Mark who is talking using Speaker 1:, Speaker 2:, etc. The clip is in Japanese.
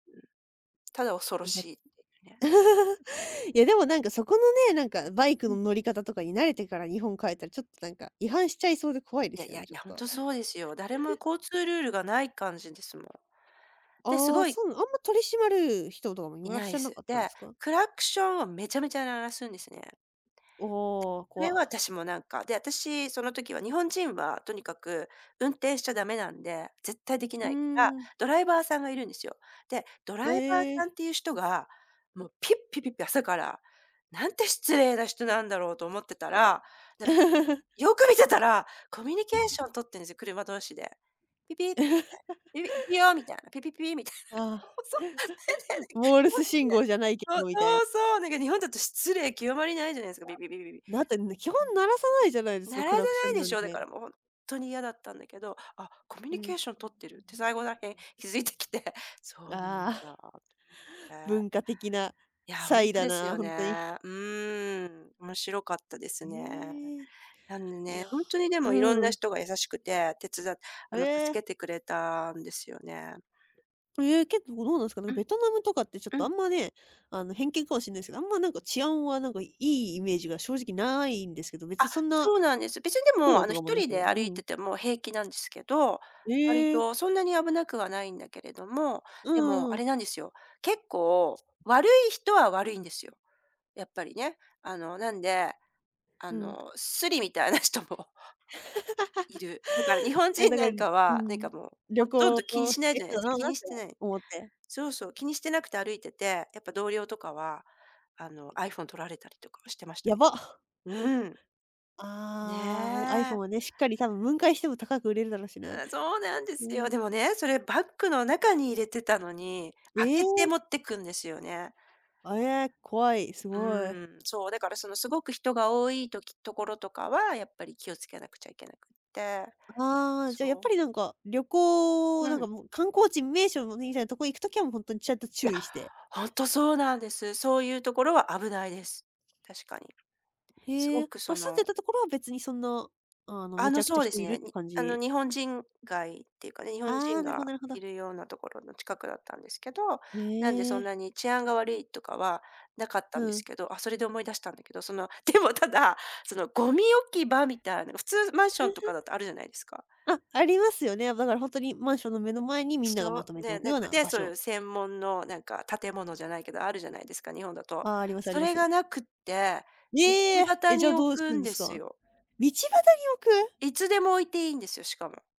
Speaker 1: ただ
Speaker 2: あ
Speaker 1: 恐ろ
Speaker 2: りが
Speaker 1: しいっていうかね。
Speaker 2: いや、
Speaker 1: うんうんうん。
Speaker 2: でもなんかそこのね、なんかバイク
Speaker 1: う
Speaker 2: の
Speaker 1: ん。
Speaker 2: 乗り方とかに慣れてから日本帰ったら、ちょっとなんか違反しちゃいそうで怖いで
Speaker 1: いや
Speaker 2: す
Speaker 1: い
Speaker 2: よ
Speaker 1: や、
Speaker 2: ね、
Speaker 1: い
Speaker 2: ちょ
Speaker 1: や、ほん
Speaker 2: っと。
Speaker 1: とそ うですよ。誰も交通ルールがない感じですもん。で、す
Speaker 2: ああ、
Speaker 1: ごい
Speaker 2: そうな、あんま取り締まる人とかもい
Speaker 1: い
Speaker 2: むらっ
Speaker 1: な
Speaker 2: し
Speaker 1: い
Speaker 2: ゃな
Speaker 1: す。
Speaker 2: かったん
Speaker 1: で、
Speaker 2: すか？
Speaker 1: クラクションをめちゃめちゃ鳴らすんですね。
Speaker 2: おお、こ
Speaker 1: それは
Speaker 2: わ。
Speaker 1: 私もなんか、で、私その時は、日本人はとにかく運転しちゃ駄目なんで、絶対でき
Speaker 2: うー
Speaker 1: ないから、
Speaker 2: ん。
Speaker 1: ドライバーさんがいるんですよ。で、ドラ
Speaker 2: へ
Speaker 1: イバーさん
Speaker 2: え。
Speaker 1: っていう人が、もうピッピピッピ朝から、なんて失礼な人なんだろうと思ってた
Speaker 2: え
Speaker 1: ら、なん、
Speaker 2: え。
Speaker 1: よく見てたら、コミュニケーション取ってんですよ、車同士で。ピピみ たい、ピヨーみたいな、ピピピーみたい
Speaker 2: あ
Speaker 1: な。
Speaker 2: あ、
Speaker 1: そう。
Speaker 2: モールス信号じゃないけ
Speaker 1: [unintelligible] そう、
Speaker 2: どみたいな。
Speaker 1: そうそう、なんか日本だと失礼極まりないじゃないす
Speaker 2: い
Speaker 1: か。ビビビビビ。
Speaker 2: や、なてんね、基本鳴らさないじゃないですか、
Speaker 1: 鳴ら
Speaker 2: ク
Speaker 1: さ
Speaker 2: ラクショ
Speaker 1: ない
Speaker 2: ン
Speaker 1: で
Speaker 2: な
Speaker 1: し
Speaker 2: ん
Speaker 1: ょ、だか
Speaker 2: て。
Speaker 1: らもう、ほんっとに嫌だったんだけど、「あ、コミュ
Speaker 2: う
Speaker 1: ニケ
Speaker 2: ん。
Speaker 1: ーション取ってる」って最後らへん
Speaker 2: [unintelligible]
Speaker 1: 気づいてきて。そうなん
Speaker 2: ああ。
Speaker 1: だ と思って。
Speaker 2: 文化的な
Speaker 1: いや、ほ
Speaker 2: 差
Speaker 1: ん
Speaker 2: 異
Speaker 1: と
Speaker 2: だ
Speaker 1: です
Speaker 2: な、
Speaker 1: よ
Speaker 2: ほんとに。
Speaker 1: ね。うん。面白かったですね。
Speaker 2: ええ。
Speaker 1: なんで
Speaker 2: いや、
Speaker 1: ね、ほんとにでも色ん
Speaker 2: う
Speaker 1: な
Speaker 2: ん。
Speaker 1: 人が優しくて、てつだあ
Speaker 2: へ
Speaker 1: の助
Speaker 2: え。
Speaker 1: けてくれたんですよね。
Speaker 2: ええ、結構どうなんすか？な、
Speaker 1: うん。
Speaker 2: ベトナムとかってちょっ
Speaker 1: う
Speaker 2: とあ
Speaker 1: ん。
Speaker 2: んまね、あの偏見かもしんないすけど、あんまなんか、治安はなんかいいイメージが正直ないんですけど、別に
Speaker 1: あ、
Speaker 2: そんな
Speaker 1: そうなんです。別にで
Speaker 2: 苦
Speaker 1: も
Speaker 2: 労
Speaker 1: あ
Speaker 2: と
Speaker 1: の
Speaker 2: かも
Speaker 1: 一
Speaker 2: な
Speaker 1: 人
Speaker 2: く？
Speaker 1: で
Speaker 2: う
Speaker 1: 歩い
Speaker 2: ん。
Speaker 1: てても平気なんですけど、割
Speaker 2: ええ。
Speaker 1: とそんなに危なくはないんだけれども、
Speaker 2: う
Speaker 1: でも
Speaker 2: ー
Speaker 1: あれ
Speaker 2: ん。
Speaker 1: なんですよ。結構、悪い人は悪いんですよ。やっぱりね。あのなんで、あ
Speaker 2: うん。
Speaker 1: のスリみたいな人もいる。だから日 本
Speaker 2: あ、
Speaker 1: 人
Speaker 2: だ
Speaker 1: な
Speaker 2: から
Speaker 1: んか
Speaker 2: う
Speaker 1: は、なんか
Speaker 2: ん、
Speaker 1: もう、
Speaker 2: 旅
Speaker 1: ほとん
Speaker 2: 行を
Speaker 1: ど気
Speaker 2: こ
Speaker 1: に
Speaker 2: う、
Speaker 1: し
Speaker 2: し
Speaker 1: ない
Speaker 2: て
Speaker 1: じ
Speaker 2: る
Speaker 1: ゃない
Speaker 2: 人
Speaker 1: す
Speaker 2: だ
Speaker 1: か、
Speaker 2: ろ
Speaker 1: 気
Speaker 2: なっ
Speaker 1: に
Speaker 2: て
Speaker 1: してない。
Speaker 2: 思って。
Speaker 1: そうそう、気にしてなくて歩いてて、やっぱ同僚とかは、あの iPhone 取られたりとかはしてましたね。
Speaker 2: やば。
Speaker 1: うーん。ね
Speaker 2: ああ、お、iPhone
Speaker 1: え。
Speaker 2: はね、しっかり多分、分解しても高く売れるだろうしな。
Speaker 1: ああ、そうなんで
Speaker 2: う
Speaker 1: すよ。
Speaker 2: ん。
Speaker 1: でもね、それバッグの中に入れてたのに、
Speaker 2: え
Speaker 1: 開けて持
Speaker 2: え。
Speaker 1: ってくんですよね。
Speaker 2: あえ、こわい、す
Speaker 1: う
Speaker 2: ごい。
Speaker 1: ーん、そう。だからそのすごく人が多いとき、ところとかはやっぱり気をつけなくちゃいけなくて。
Speaker 2: ああ。じゃあ、やっ
Speaker 1: そ
Speaker 2: ぱ
Speaker 1: う。
Speaker 2: りなんか、旅行、
Speaker 1: う
Speaker 2: なんか
Speaker 1: ん。
Speaker 2: もう、観光地、名所のにみたいなとこ行く時はもう、ほんとにちゃんと
Speaker 1: や、
Speaker 2: 注意して。
Speaker 1: ほんとそうなんです。そういうところは危ないです。確かに。す
Speaker 2: へ
Speaker 1: ご
Speaker 2: え、
Speaker 1: く
Speaker 2: あ、
Speaker 1: そ
Speaker 2: 住ん
Speaker 1: の
Speaker 2: でたところは別にそんな、あの
Speaker 1: あ
Speaker 2: めち
Speaker 1: の、
Speaker 2: ゃくち
Speaker 1: そ
Speaker 2: ゃ
Speaker 1: うで
Speaker 2: 人
Speaker 1: す
Speaker 2: いるっ
Speaker 1: ね、
Speaker 2: て
Speaker 1: に
Speaker 2: 感
Speaker 1: あの
Speaker 2: じ
Speaker 1: 日本人街っていうかね、日本
Speaker 2: あ
Speaker 1: 人
Speaker 2: あ、なるほど
Speaker 1: が
Speaker 2: なるほ
Speaker 1: い
Speaker 2: ど。
Speaker 1: るようなところの近くだったんですけど、
Speaker 2: へ
Speaker 1: なんでそん
Speaker 2: え。
Speaker 1: なに治安が悪いとかはなかった
Speaker 2: う
Speaker 1: んで
Speaker 2: ん。
Speaker 1: すけど、あ、それで思い出したんだけど、その、でもただ、そのゴミ置き場みたいな、普通マンションとか だとあるじゃないですか。
Speaker 2: あ、ありますよね。だからほんとに、マンションの目の前にみんながま
Speaker 1: そ
Speaker 2: と
Speaker 1: う、
Speaker 2: めてお
Speaker 1: ね、
Speaker 2: く
Speaker 1: な
Speaker 2: よ
Speaker 1: ん
Speaker 2: う
Speaker 1: か
Speaker 2: な
Speaker 1: ね、
Speaker 2: 場
Speaker 1: そうい
Speaker 2: 所。
Speaker 1: う専門のなんか建物じゃないけど、あるじゃないですか、日本だと。
Speaker 2: ああ、ありますあり
Speaker 1: そ
Speaker 2: ま
Speaker 1: れが
Speaker 2: す。
Speaker 1: なくって、道
Speaker 2: ええ！え、
Speaker 1: 端
Speaker 2: じゃあ
Speaker 1: に
Speaker 2: ど
Speaker 1: 置
Speaker 2: うす
Speaker 1: くん
Speaker 2: ん
Speaker 1: で
Speaker 2: すか？
Speaker 1: す
Speaker 2: 道
Speaker 1: よ。
Speaker 2: 端に置く？
Speaker 1: いつでも置いていいんですよ。しかも。